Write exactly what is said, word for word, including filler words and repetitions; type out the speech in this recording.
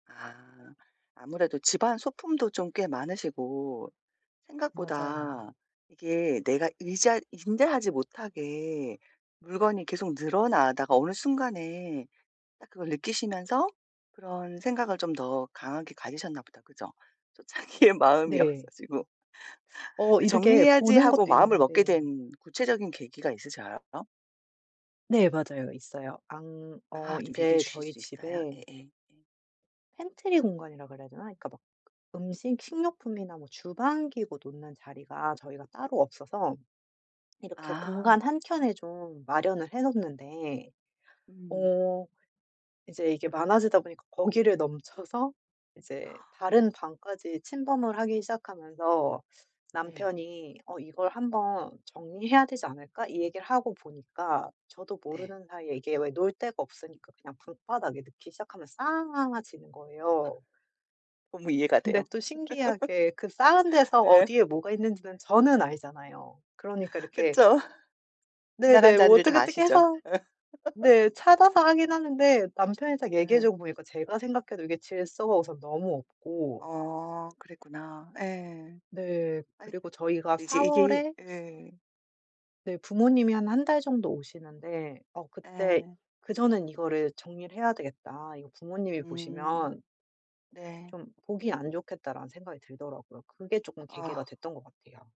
아. 아무래도 집안 소품도 좀 꽤 많으시고 맞아요. 생각보다 이게 내가 의자 응대하지 못하게 물건이 계속 늘어나다가 어느 순간에 딱 그걸 느끼시면서 그런 생각을 좀 더 강하게 가지셨나 보다. 그죠? 또 자기의 마음이 네. 없어지고. 어 근데 이렇게 '정리해야지.' 보는 하고 것도 마음을 있는 먹게 데예요. 된 구체적인 계기가 있으셔요? 네 맞아요. 있어요. 안 어 아 좀 얘기해 이제 주실 저희 수 있어요? 집에 예예. 예. 펜트리 공간이라 그래야 되나? 그러니까 막 음식 식료품이나 뭐 주방 기구 놓는 자리가 저희가 따로 없어서 이렇게 아. 공간 한켠에 좀 마련을 해 놓는데 음. 어 이제 이게 많아지다 보니까 거기를 넘쳐서 이제 다른 방까지 침범을 하기 시작하면서 예. 남편이 "어 이걸 한 번 정리해야 되지 않을까?" 이 얘기를 하고 보니까 저도 네. 모르는 사이에 이게 왜 놓을 데가 없으니까 그냥 방바닥에 놓기 시작하면 쌓아지는 거예요. 너무 이해가 돼요. 근데 또 신기하게 그 쌓은 데서 예. 어디에 뭐가 있는지는 저는 알잖아요. 그러니까 이렇게 그쵸. 지나간 네네. 뭐 자리를 어떻게 다 어떻게 아시죠. 해서 네 찾아서 하긴 하는데 남편이 딱 얘기해 예. 주고 보니까 제가 생각해도 이게 질서가 우선 너무 없고 어 그랬구나. 예. 네. 아니 그리고 저희가 근데 이제 사 이게 월에 예. 네 부모님이 한 한 달 정도 오시는데 어 그때 예. '그전엔 이거를 정리를 해야 되겠다. 이거 부모님이 보시면' 음. 네. '좀 보기 안 좋겠다.'라는 생각이 들더라고요. 그게 쪼끔 계기가 아. 됐던 것 같아요.